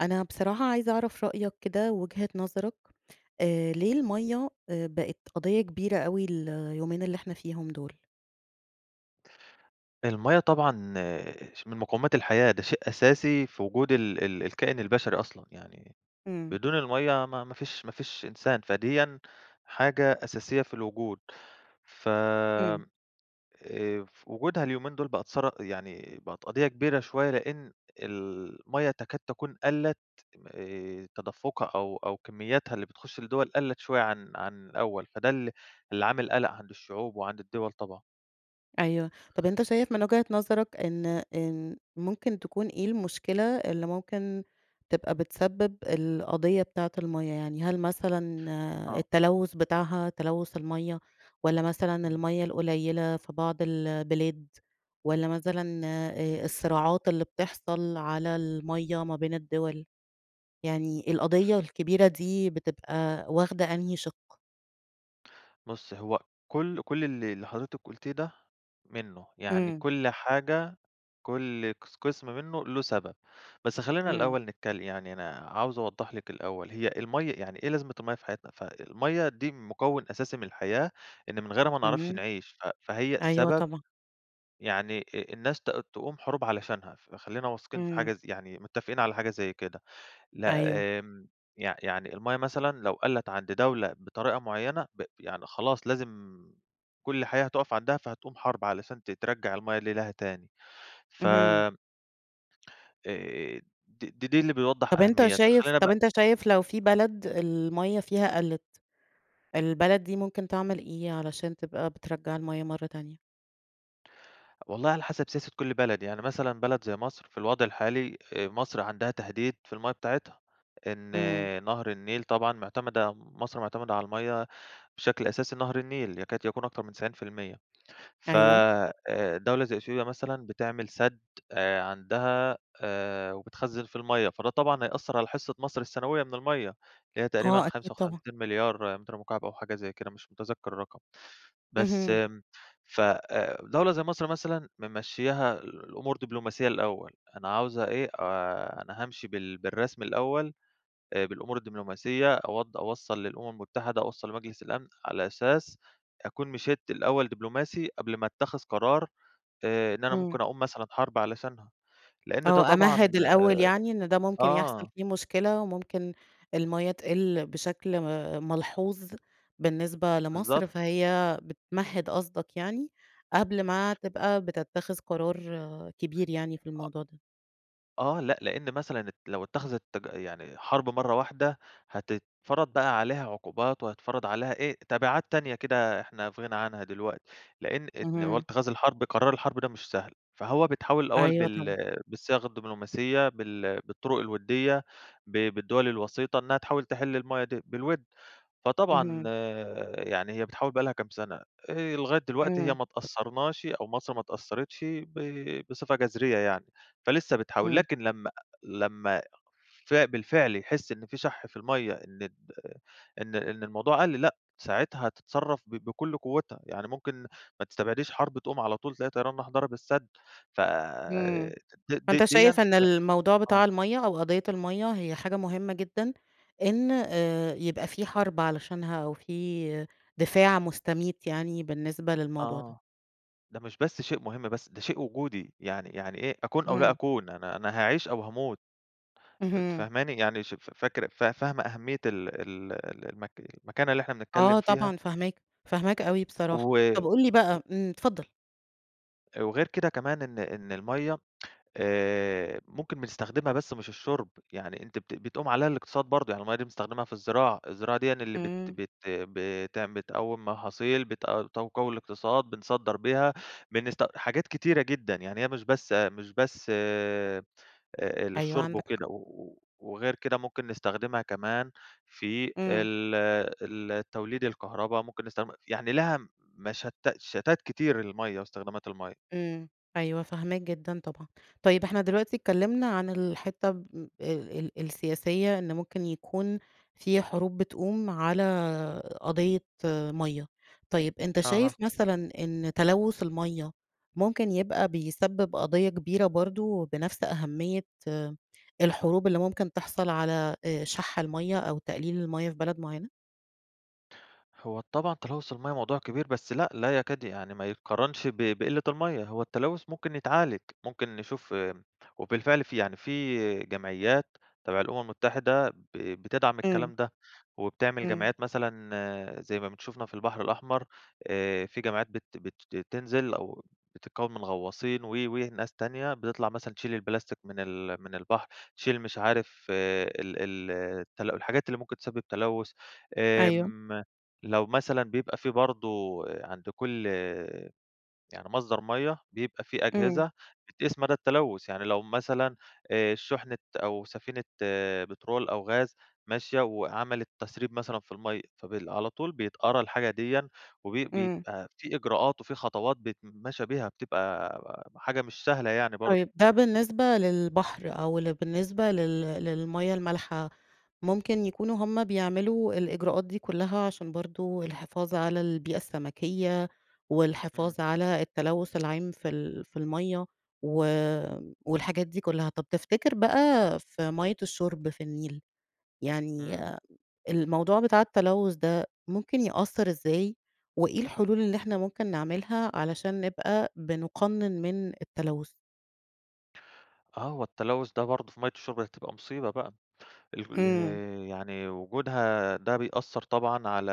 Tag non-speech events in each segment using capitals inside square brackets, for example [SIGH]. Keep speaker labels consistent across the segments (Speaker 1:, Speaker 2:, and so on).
Speaker 1: أنا بصراحة عايزة أعرف رأيك كده، وجهة نظرك آآ ليه المَيَّة آآ بقت قضية كبيرة أوي اليومين اللي إحنا فيهم دول؟
Speaker 2: الميَّة طبعًا ش من مقومات الحياة، ده شيء أساسي في وجود ال ال الكائن البشري أصلًا، يعني
Speaker 1: إمم.
Speaker 2: بدون المَيَّة ما ما فيش ما فيش إنسان، فديًا حاجة أساسية في الوجود ف
Speaker 1: إمم.
Speaker 2: آآ وجودها اليومين دول بقت ثر يعني بقت قضية كبيرة شوية، لإن المَيَّة تكاد تكون قَلّت آآ تدفقها أو أو كمياتها اللي بتخش الدول، قَلّت شوية عن عن الأول، فده ال اللي عامل قلق عند الشعوب، وعند الدول طبعًا.
Speaker 1: أيوه، طب أنت شايف من وجهة نظرك إن إن ممكن تكون إيه المشكلة، اللي ممكن تبقى بتسبب القضية بتاعة المَيَّة؟ يعني هل مثلًا
Speaker 2: آه.
Speaker 1: التلوث بتاعها تلوث المَيَّة، والّا مثلًا
Speaker 2: إمم.
Speaker 1: المَيَّة القليلة في بعض البلاد، والّا مثلًا آآ الصراعات اللي بتحصل على المَيَّة ما بين الدول، يعني القضية الكبيرة دي بتبقى واخدة أنهي شق؟
Speaker 2: بُصي هو كل كل اللي اللي حضرتِك قُلتيه ده منُه، يعني
Speaker 1: إمم.
Speaker 2: كل حاجة كل قس قسم منُه له سبب، بس خلّينا
Speaker 1: إمم.
Speaker 2: الأول نتكل يعني أنا عاوز أوضح لِك الأول، هي المَيّة يعني إيه لازمة المَيّة في حياتنا، ف المَيّة دي مكون أساسي من الحياة، إن من غيرها ما نعرفش
Speaker 1: اهم،
Speaker 2: نعيش، ف فهي
Speaker 1: أيوه
Speaker 2: سبب
Speaker 1: طبعًا.
Speaker 2: يعني إ إ الناس ت تقوم حروب علشانها، فخلّينا واثقين في
Speaker 1: إمم.
Speaker 2: حاجة زي يعني متفقين على حاجة زي كده، لأ،
Speaker 1: أيوه.
Speaker 2: آمم يع يعني المَيّة مثلًا لو قلِت عند دولة بطريقة معينة، ب يعني خلاص لازم كل الحياة هتقف عندها، فهتقوم حرب علشان ت ترجع المَيّة اللي لها تاني، ف
Speaker 1: اهم.
Speaker 2: آآ دي دي اللي بيوضح
Speaker 1: طب أنتَ
Speaker 2: أهميتها،
Speaker 1: شايف،
Speaker 2: خلّينا
Speaker 1: طب
Speaker 2: بقى
Speaker 1: أنتَ شايف لو في بلد المَيَّة فيها قلِت، البلد دي ممكن تعمل إيه علشان تبقى بترجّع المَيَّة مرة تانية؟
Speaker 2: والله على حسب سياسة كل بلد، يعني مثلًا بلد زي مصر، في الوضع الحالي آآ مصر عندها تهديد في المَيّة بتاعتها، إن
Speaker 1: إمم.
Speaker 2: نهر النيل طبعًا معتمدة، مصر معتمدة على المَيّة بشكل أساسي نهر النيل، يكاد يكون أكتر من 90% ف
Speaker 1: أيوه.
Speaker 2: آآ دولة زي إثيوبيا مثلًا بتعمل سد آآ عندها آآ وبتخزّن فيه المَيّة، فده طبعًا هيأثر على حصة مصر السنوية من المَيّة، اللي هي تقريبًا
Speaker 1: آه، أكيد
Speaker 2: خمسة
Speaker 1: طبعًا.
Speaker 2: وخمسين مليار متر مكعب أو حاجة زي كده مش متذكر الرقم، بس
Speaker 1: اهم.
Speaker 2: امم ف آآ دولة زي مصر مثلًا، ممشّياها الأمور دبلوماسية الأول، أنا عاوزة إيه، آآ أنا هامشي بال بالرسمي الأول، آآ بالأمور الدبلوماسية أوض أوصّل للأمم المتحدة، أوصّل لمجلس الأمن، على أساس أكوّن مشيت الأول دبلوماسي، قبل ما اتخذ قرار آآ إن أنا
Speaker 1: همم.
Speaker 2: ممكن أقوم مثلًا حرب علشانها، لإن ده
Speaker 1: آه،
Speaker 2: طبعًا
Speaker 1: أمهِّد الأول يعني إن ده
Speaker 2: آآ
Speaker 1: ممكن يحصل
Speaker 2: آه.
Speaker 1: فيه مشكلة، وممكن المَيّة تقِل بشكل م ملحوظ بالنسبة
Speaker 2: بالضبط.
Speaker 1: لمصر، فهي بتمهد قصدك يعني، قبل ما تبقى بتتخذ قرار كبير يعني في
Speaker 2: أ
Speaker 1: الموضوع ده.
Speaker 2: آه لأ، لأن مثلًا لو اتّخذِت تج يعني حرب مرة واحدة، هتتفرض بقى عليها عقوبات، وهيتفرض عليها إيه تبعات تانية كده إحنا في غنى عنها دي دلوقتي، لأن إن هو
Speaker 1: اهم.
Speaker 2: اتخاذ الحرب قرار الحرب ده مش سهل، فهو بيتحوّل الأول
Speaker 1: أيوه
Speaker 2: بال
Speaker 1: طبعًا.
Speaker 2: بالصياغة الدبلوماسية، بال بالطرق الودية، ب بالدول الوسيطة، إنها تحاول تحل المَيَّة دي بالود، فطبعًا
Speaker 1: اهم.
Speaker 2: يعني هي بتحاول بقى لها كام سنة، آآ لغاية دلوقتي هي
Speaker 1: امم.
Speaker 2: ما اتأثرناش، أو مصر ما اتأثرِتش ب بصفة جذرية يعني، فلسه بتحاول.
Speaker 1: امم.
Speaker 2: لكن لما لما ف بالفعل يحس إن في شَح في المَيَّة، إن إن إن الموضوع قل، لأ ساعتها هتتصرف ب بكل قوِّتها، يعني ممكن ما تستبعديش حرب تقوم على طول، تلاقي طيران راح ضرب السد ف
Speaker 1: امم،
Speaker 2: د د
Speaker 1: فأنت
Speaker 2: ديًّا
Speaker 1: شايف إن الموضوع بتاع
Speaker 2: آه.
Speaker 1: المَيَّة أو قضية المَيَّة، هي حاجة مهمة جدًا إن آآ يبقى في حرب علشانها، أو في دفاع مستميت يعني بالنسبة للموضوع ده؟
Speaker 2: آه، ده مش بس شيء مهم، بس ده شيء وجودي، يعني يعني إيه، أكون أو لا
Speaker 1: إمم.
Speaker 2: أكون، أنا أنا هاعيش أو هاموت، أنتِ
Speaker 1: اهم.
Speaker 2: فاهماني؟ يعني ش ف فاكرة فا فاهمة أهمية ال ال ال المك المكانة اللي إحنا بنتكلم
Speaker 1: آه
Speaker 2: فيها؟
Speaker 1: طبعًا فاهماك، فاهماك أوي
Speaker 2: و
Speaker 1: بصراحة، طب قُل لي
Speaker 2: و
Speaker 1: بقى إمم اتفضل.
Speaker 2: وغير كده كمان، إن إن المَيَّة آآ ممكن بنستخدمها بس مش الشرب، يعني أنتِ بت بتقوم عليها الاقتصاد برضه، يعني المَيَّة دي بنستخدمها في الزراعة، الزراعة ديًا اللي بت
Speaker 1: امم.
Speaker 2: بت بتعم بتقوّم محاصيل، بتق تقوّي الاقتصاد، بنصدّر بيها، بنست حاجات كتيرة جدًا، يعني هي مش بس مش بس آآ
Speaker 1: أيوه
Speaker 2: للشرب
Speaker 1: عندك حق.
Speaker 2: وكده، و وغير كده ممكن نستخدمها كمان في
Speaker 1: امم.
Speaker 2: ال ال توليد الكهربا، ممكن نستخدمها يعني ليها مشت شتات كتير المَيَّة واستخدامات المَيَّة.
Speaker 1: امم، أيوه فاهماك جدًا طبعًا، طيب إحنا دلوقتي اتكلمنا عن الحتة ال ال السياسية إن ممكن يكون في حروب بتقوم على قضية مَيَّة، طيب أنت
Speaker 2: أها.
Speaker 1: شايف مثلًا إن تلوث المَيَّة ممكن يبقى بيسبب قضية كبيرة برضه، بنفس أهمية الحروب اللي ممكن تحصل على آآ شَح المَيَّة، أو تقليل المَيَّة في بلد معينة؟
Speaker 2: هو طبعًا تلوث المَيَّة موضوع كبير، بس لأ لا يكاد يعني ما يتقارنش ب بقلة المَيَّة، هو التلوث ممكن يتعالج، ممكن نشوف امم وبالفعل في يعني في جمعيات تبع الأمم المتحدة ب بتدعم
Speaker 1: امم.
Speaker 2: الكلام ده، وبتعمل
Speaker 1: امم.
Speaker 2: جمعيات مثلًا زي ما بن شُفنا في البحر الأحمر، آآ في جمعيات بت بت بتنزل أو بتتكون من غواصين و وناس تانية، بتطلع مثلًا تشيل البلاستيك من ال من البحر، تشيل مش عارف ال ال التل الحاجات اللي ممكن تسبب تلوث،
Speaker 1: أيوه.
Speaker 2: امم لو مثلًا بيبقى في برضه عند كل يعني مصدر مَيَّة، بيبقى في
Speaker 1: امم.
Speaker 2: أجهزة بتقيس مدى التلوث، يعني لو مثلًا آآ شحنة أو سفينة آآ بترول أو غاز ماشية، وعملت تسريب مثلًا في المَيَّة، فبال على طول بيتقرا الحاجة ديًا، وبي
Speaker 1: امم.
Speaker 2: بيبقي في إجراءات، وفي خطوات بيتمشي بيها، بتبقى حاجة مش سهلة يعني برضه.
Speaker 1: طيب ده بالنسبة للبحر أو ل بالنسبة لل للمَيَّة المالحة، ممكن يكونوا هم بيعملوا الإجراءات دي كلها، عشان برضه الحفاظ على البيئة السمكية،
Speaker 2: امم.
Speaker 1: والحفاظ على التلوث العام في ال في المَيَّة و والحاجات دي كلها، طب تفتكر بقى في مَيَّة الشرب في النيل، يعني
Speaker 2: امم.
Speaker 1: الموضوع بتاع التلوث ده ممكن يأثر إزاي، وإيه الحلول اللي إحنا ممكن نعملها، علشان نبقى بنُقنن من التلوث؟
Speaker 2: آه، هو التلوث ده برضه في مَيَّة الشُرب هتبقى مصيبة بقى ال
Speaker 1: آمم.
Speaker 2: يعني وجودها ده بيأثر طبعًا على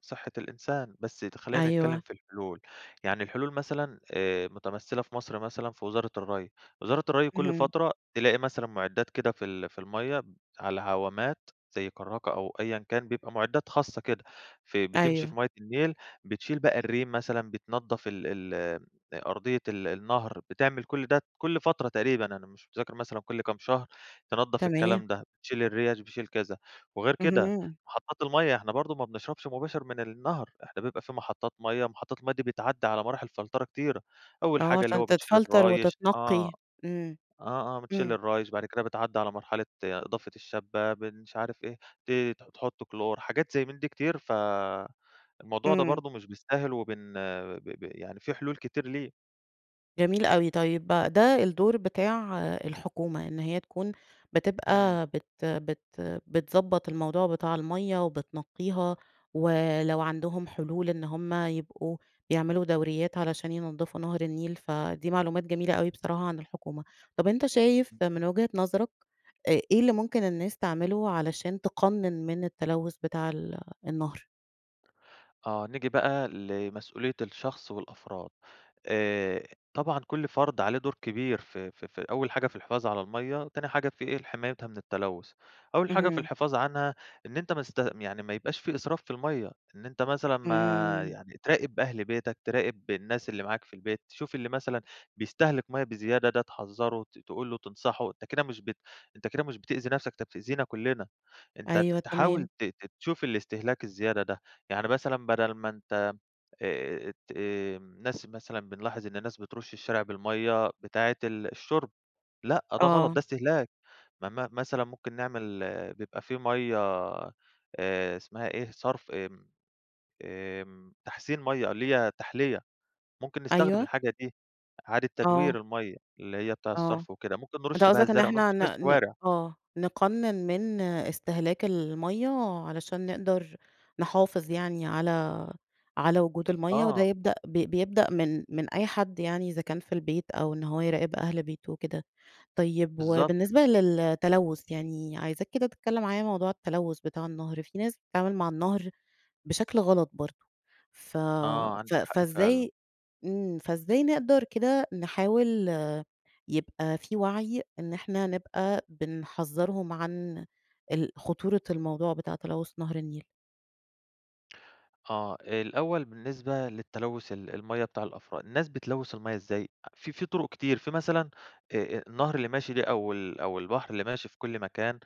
Speaker 2: صحة الإنسان. بس ت خلينا نتكلم
Speaker 1: أيوه.
Speaker 2: في الحلول، يعني الحلول مثلًا آآ، متمثّلة في مصر مثلًا في وزارة الري، وزارة الري كل
Speaker 1: اهم.
Speaker 2: فترة تلاقي مثلًا معدات كده في ال في المَيَّة على عوامات زي كراكة أو أيًا كان، بيبقى معدات خاصة كده ف بت بتمشي في
Speaker 1: أيوه.
Speaker 2: مية النيل بتشيل بقى الريم مثلًا، بتنضف ال ال أرضية ال النهر، بتعمل كل ده كل فترة تقريبًا، أنا مش متذكر مثلًا كل كام شهر تنضف
Speaker 1: تمام.
Speaker 2: الكلام ده، بتشيل الريش بتشيل كذا. وغير كده
Speaker 1: اهم.
Speaker 2: محطات المَيَّة، إحنا برضه ما بنشربش مباشر من النهر، إحنا بيبقى في محطات مَيَّة. محطات المَيَّة دي بتتعدى على مراحل فلترة كتيرة، أول
Speaker 1: آه،
Speaker 2: حاجة اللي
Speaker 1: عشان
Speaker 2: هو بتشيل
Speaker 1: تتفلتر
Speaker 2: الرايش آه،
Speaker 1: وتتنقي امم،
Speaker 2: آه، آه، بتشيل
Speaker 1: امم.
Speaker 2: الرايش، بعد كده بتعدي على مرحلة إضافة الشبة، بن مش عارف إيه، ت تحط كلور، حاجات زي من دي كتير. فالموضوع ده
Speaker 1: امم.
Speaker 2: برضه مش بالساهل، وبن ب ب يعني في حلول كتير ليه.
Speaker 1: جميل أوي. طيب، بقى ده الدور بتاع الحكومة إن هي تكون
Speaker 2: إمم.
Speaker 1: بتبقى بت بت بتضبط الموضوع بتاع المَيَّة وبتنقيها، ولو عندهم حلول إن هم يبقوا يعملوا دوريات علشان ينضفوا نهر النيل، فدي معلومات جميلة أوي بصراحة عن الحكومة. طيب، أنت شايف
Speaker 2: [UNINTELLIGIBLE]
Speaker 1: من وجهة نظرك، آآ إيه اللي ممكن الناس تعملوا علشان تقنن من التلوث بتاع ال النهر؟
Speaker 2: آه، نيجي بقى لمسؤولية الشخص والأفراد، آآ طبعًا كل فرد عليه دور كبير في في في أول حاجة في الحفاظ على المَيّة، تاني حاجة في إيه لحمايتها من التلوث، أول حاجة في
Speaker 1: اهم.
Speaker 2: الحفاظ عنها، إن أنت ما تست يعني ما يبقاش في إسراف في المَيّة، إن أنت مثلًا ما
Speaker 1: إمم.
Speaker 2: يعني تراقب أهل بيتك، تراقب الناس اللي معاك في البيت، تشوف اللي مثلًا بيستهلك مَيّة بزيادة ده تحذّره، ت تقول له تنصحُه، أنت كده مش بت أنت كده مش بتأذي نفسك، أنت بتأذينا كلنا، أنت ت
Speaker 1: أيوه،
Speaker 2: تحاول
Speaker 1: تمام.
Speaker 2: تت تشوف الإستهلاك الزيادة ده، يعني مثلًا بدل ما أنت آآ ت امم ناس مثلًا بنلاحظ إن الناس بترُش الشارع بالمَيّة بتاعة ال الشُرب، لأ، ده غلط ده
Speaker 1: آه.
Speaker 2: استهلاك، م م مثلًا ممكن نعمل بيبقى في مَيّة آآ اسمها إيه صرف آمم، آمم تحسين مَيّة اللي هي تحْليّة، ممكن نستخدم
Speaker 1: أيوه.
Speaker 2: الحاجة دي، إعادة
Speaker 1: آه.
Speaker 2: تدوير المَيّة اللي هي بتاع
Speaker 1: آه،
Speaker 2: الصرف وكده، ممكن
Speaker 1: أنت
Speaker 2: نرُش بيها
Speaker 1: قصدك إن
Speaker 2: الزرع، نرُش
Speaker 1: إحنا
Speaker 2: بيها
Speaker 1: ن ن
Speaker 2: الشوارع.
Speaker 1: آه، نقنّن من إستهلاك المَيّة، علشان نقدر نحافظ يعني على على وجود المَيّة، وده
Speaker 2: آه.
Speaker 1: يبدأ بيبدأ من من أي حد يعني إذا كان في البيت أو إن هو يراقب أهل بيته وكده، طيب
Speaker 2: بالضبط.
Speaker 1: وبالنسبة للتلوث يعني، عايزاك كده تتكلم معايا موضوع التلوث بتاع النهر، في ناس بتتعامل مع النهر، بشكل غلط برضه، ف
Speaker 2: آه،
Speaker 1: ف
Speaker 2: عندِك حق فعلًا.
Speaker 1: فإزاي إمم فإزاي نقدر كده نحاول يبقى في وعي إن إحنا نبقى بنحذّرهم عن ال خطورة الموضوع بتاع تلوث نهر النيل؟
Speaker 2: آه، الأول بالنسبة للتلوث ال المَيَّة بتاع الأفراد، الناس بتلوث المَيَّة إزاي؟ آ في في طرق كتير، في مثلًا آآ، آآ، النهر اللي ماشي ده أو ال أو البحر اللي ماشي في كل مكان،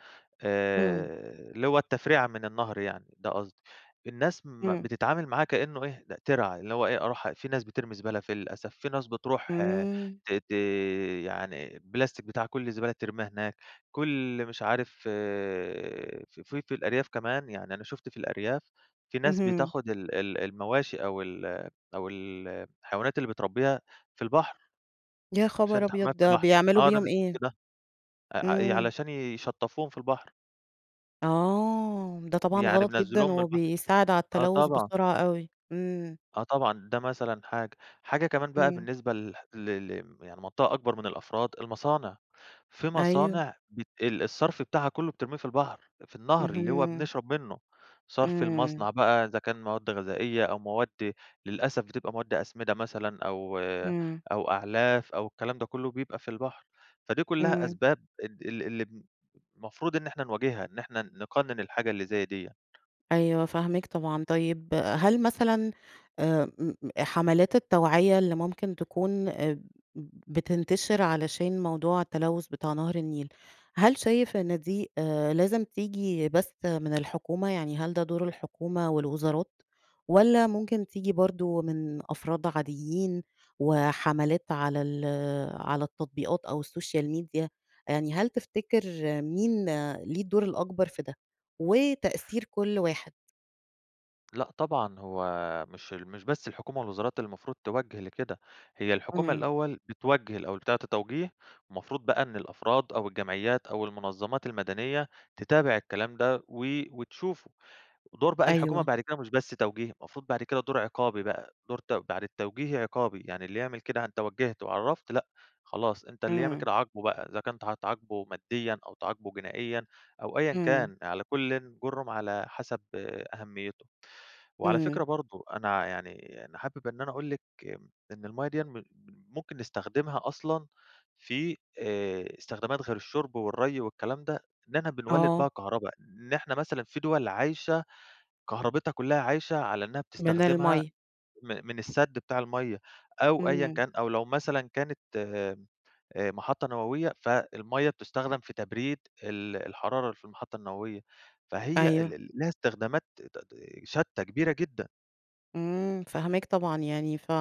Speaker 1: امم.
Speaker 2: آآ، اللي هو التفريعة من النهر يعني ده قصدي. الناس م
Speaker 1: امم.
Speaker 2: بتتعامل معاه كإنه إيه ده ترعة، اللي هو إيه أروح في ناس بترمي زبالة فيه للأسف، في ناس بتروح
Speaker 1: امم.
Speaker 2: ت ت يعني بلاستيك بتاع كل الزبالة بترميها هناك، كل مش عارف ف في الأرياف كمان، يعني أنا شُفت في الأرياف إن في ناس
Speaker 1: اهم.
Speaker 2: بتاخد ال ال المواشي أو ال أو ال الحيوانات اللي بتربيها في البحر،
Speaker 1: يا
Speaker 2: عشان
Speaker 1: خبر
Speaker 2: تحميها
Speaker 1: أبيض!
Speaker 2: في
Speaker 1: ده
Speaker 2: البحر،
Speaker 1: بيعملوا
Speaker 2: آه، ده
Speaker 1: بيهم
Speaker 2: أنا
Speaker 1: إيه؟
Speaker 2: شُفت ده آآ، ع ي
Speaker 1: امم.
Speaker 2: علشان يشطفوهم في البحر.
Speaker 1: آه، ده طبعًا
Speaker 2: يعني
Speaker 1: غلط جدًا
Speaker 2: بينزلوهم البحر.
Speaker 1: وبيساعد على
Speaker 2: آه
Speaker 1: التلوث
Speaker 2: طبعًا.
Speaker 1: بسرعة أوي. امم.
Speaker 2: آه، طبعًا، ده مثلًا حاجة. حاجة كمان بقى
Speaker 1: امم.
Speaker 2: بالنسبة ل ل ل يعني منطقة أكبر من الأفراد المصانع، في
Speaker 1: أيوه.
Speaker 2: مصانع بت ال الصرف بتاعها كله بترميه في البحر، في النهر اللي هو
Speaker 1: اهم.
Speaker 2: بنشرب منه، صرف
Speaker 1: امم.
Speaker 2: المصنع بقى إذا كان مواد غذائية أو مواد للأسف بتبقى مواد أسمدة مثلًا أو
Speaker 1: امم.
Speaker 2: أو أعلاف أو الكلام ده كله بيبقى في البحر، فدي كلها
Speaker 1: امم.
Speaker 2: أسباب ال ال اللي بن المفروض إن إحنا نواجهها، إن إحنا نقنن الحاجة اللي زي ديّة.
Speaker 1: أيوه، فاهماك طبعًا. طيب، هل مثلًا آآ، امم، حملات التوعية اللي ممكن تكون ب بتنتشر علشان موضوع التلوث بتاع نهر النيل، هل شايف إن دي آآ، لازم تيجي بس من الحكومة؟ يعني هل ده دور الحكومة والوزارات، والّا ممكن تيجي برضه من أفراد عاديين وحملات على ال على التطبيقات أو السوشيال ميديا، يعني هل تفتكر مين ليه الدور الأكبر في ده، وتأثير كل واحد؟
Speaker 2: لأ، طبعًا هو مش ال مش بس الحكومة والوزارات اللي المفروض توجّه لكده، هي الحكومة
Speaker 1: إمم.
Speaker 2: الأول بتوجّه الأول، بتعطي توجيه، المفروض بقى إن الأفراد أو الجمعيات أو المنظمات المدنية، تتابع الكلام ده و وتشوفه، دور بقى الحكومة
Speaker 1: أيوه.
Speaker 2: بعد كده مش بس توجيه، المفروض بعد كده دور عقابي بقى، دور ت بعد التوجيهي عقابي، يعني اللي يعمل كده أنت وجّهت وعرفّت لأ، خلاص أنت اللي يعمل
Speaker 1: امم.
Speaker 2: كده عاقبه بقى، إذا كنت هتعاقبه ماديًا، أو تعاقبه جنائيًا، أو أيًا
Speaker 1: امم.
Speaker 2: كان على كل جُرم على حسب أهميته. وعلى
Speaker 1: امم.
Speaker 2: فكرة برضه، أنا يعني أنا حابب إن أنا أقول لِك امم إن المَيّة ديًّا م ممكن نستخدمها أصلًا في، آآ، استخدامات غير الشرب والري والكلام ده، إننا بنولد
Speaker 1: آه.
Speaker 2: بيها كهربا، إن إحنا مثلًا في دول عايشة، كهرباتها كلها عايشة على إنها
Speaker 1: من
Speaker 2: بتستخدمها
Speaker 1: المَيّة.
Speaker 2: م من السد بتاع المَيّة، أو أيًا
Speaker 1: امم.
Speaker 2: كان، أو لو مثلًا كانت آآ محطة نووية، ف المَيّة بتُستخدم في تبريد ال الحرارة اللي في المحطة النووية، فهي ال
Speaker 1: أيوه.
Speaker 2: ال ليها استخدامات ت ت شتى كبيرة جدًا.
Speaker 1: إمم، فاهماك طبعًا، يعني ف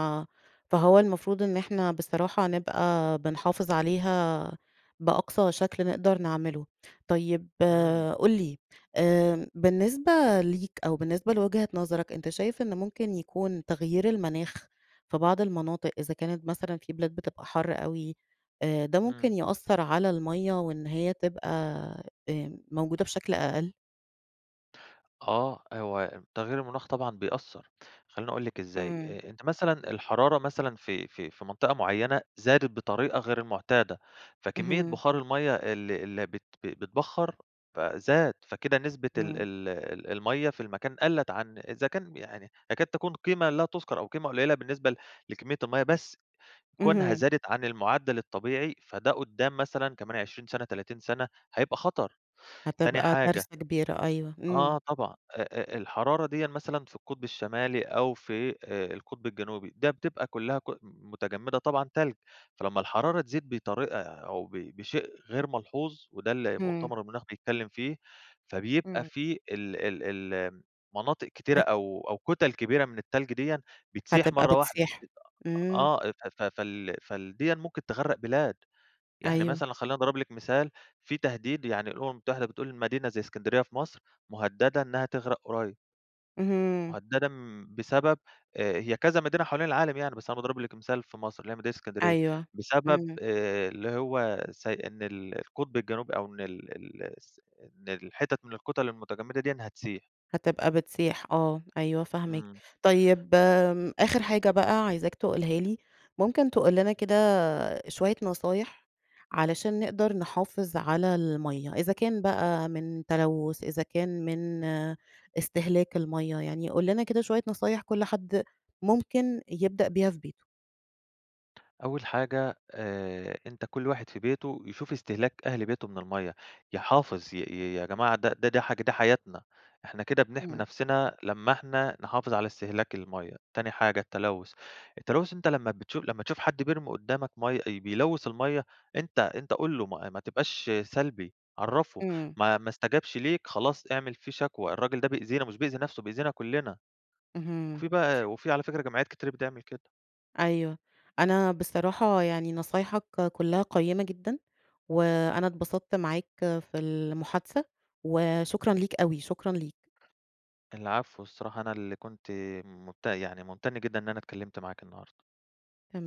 Speaker 1: فهو المفروض إن إحنا بصراحة نبقى بنحافظ عليها بأقصى شكل نقدر نعمله. طيب،
Speaker 2: إمم.
Speaker 1: قُل لي آآ، بالنسبة ليك أو بالنسبة لوجهة نظرك، أنتَ شايف إن ممكن يكون تغيير المناخ في بعض المناطق، إذا كانت مثلًا في بلاد بتبقى حَر أوي آآ، ده ممكن
Speaker 2: إمم.
Speaker 1: يأثر على المَيّة وإن هي تبقى آآ موجودة بشكل أقل؟
Speaker 2: آه، هو تغيير المناخ طبعًا بيأثر، خليني أقول لِك إزاي،
Speaker 1: إمم.
Speaker 2: أ أنتِ مثلًا الحرارة مثلًا في في في منطقة معينة زادت بطريقة غير المعتادة، فكمية
Speaker 1: اهم.
Speaker 2: بخار المَيَّة اللي اللي بت ب بيتبخر ف زاد، فكده نسبة ال
Speaker 1: إمم.
Speaker 2: ال ال المَيّة في المكان قلت عن إذا كان، يعني تكاد تكون قيمة لا تذكر، أو قيمة قليلة بالنسبة ل لكمية المَيّة، بس كونها
Speaker 1: اهم.
Speaker 2: زادت عن المعدل الطبيعي، فده قدام مثلًا كمان 20 سنة 30 سنة هيبقى خطر. تاني
Speaker 1: هتبقى
Speaker 2: حاجة
Speaker 1: كارثة كبيرة أيوه، إمم.
Speaker 2: آه، طبعًا آآ آآ، الحرارة ديًا مثلًا في القطب الشمالي، أو في آآ القطب الجنوبي، ده بتبقى كلها ك متجمدة طبعًا تلج. فلما الحرارة تزيد بطريقة أو ب بشيء غير ملحوظ، وده اللي
Speaker 1: إمم.
Speaker 2: مؤتمر المناخ بيتكلم فيه، فبيبقى
Speaker 1: إمم.
Speaker 2: في ال ال ال مناطق كتيرة
Speaker 1: ات
Speaker 2: أو أو كتل كبيرة من التلج ديًا بتسيح
Speaker 1: هتبقى
Speaker 2: مرة واحدة
Speaker 1: بتسيح، إمم.
Speaker 2: آه. ف ف فال فال ديًّا ممكن تغرق بلاد. يعني
Speaker 1: أيوه.
Speaker 2: مثلًا خليني أضرب لِك مثال، في تهديد يعني الأمم المتحدة بتقول مدينة زي إسكندرية في مصر، مهددة إنها تغرق قريب.
Speaker 1: اهم.
Speaker 2: مهددة بسبب هي كذا مدينة حوالين العالم يعني بس أنا باضرب لِك مثال في مصر اللي هي مدينة إسكندرية
Speaker 1: أيوه،
Speaker 2: بسبب
Speaker 1: إمم.
Speaker 2: آآ، اللي هو س إن ال القطب الجنوبي أو إن ال ال الس إن الحتت من الكتل المتجمدة ديَّة هتسيح.
Speaker 1: هتبقى بتسيح آه، أيوه فاهماك.
Speaker 2: إمم.
Speaker 1: طيب آمم، آخر حاجة بقى عايزاك تقولها لي، ممكن تقول لنا كده شوية نصايح علشان نقدر نحافظ على المَيَّة، إذا كان بقى من تلوث إذا كان من استهلاك المَيَّة، يعني قُل لنا كده شوية نصايح كل حد ممكن يبدأ بيها في بيته.
Speaker 2: أول حاجة آآ، أنتَ كل واحد في بيته يشوف استهلاك أهل بيته من المَيَّة، يحافظ ي يا جماعة ده ده دي حا ده حياتنا إحنا كده بنحمي
Speaker 1: إمم.
Speaker 2: نفسنا لما إحنا نحافظ على استهلاك المَيَّة، تاني حاجة التلوث، التلوث أنتَ لما بتشوف لما تشوف حد بيرمي قدامك مَيَّة بيلوث المَيَّة أنت أنت قُل له ما ما تبقاش سلبي عرفه،
Speaker 1: إمم.
Speaker 2: ما ما استجبش ليك خلاص اعمل فيه شكوى، الراجل ده بيأذينا مش بيأذي نفسه بيأذينا كلنا.
Speaker 1: اهم.
Speaker 2: وفي بقى وفي على فكرة جمعيات كتير بتعمل كده.
Speaker 1: أيوه، أنا بصراحة يعني نصايحك كلها قيَّمة جدًا، وأنا اتبسطت معاك في المحادثة، وشكرًا
Speaker 2: إمم.
Speaker 1: ليك أوي، شكرًا ليك.
Speaker 2: العفو الصراحة أنا اللي كنت منتم يعني ممتن جدًا إن أنا اتكلمت معاكِ النهارده.
Speaker 1: تمام.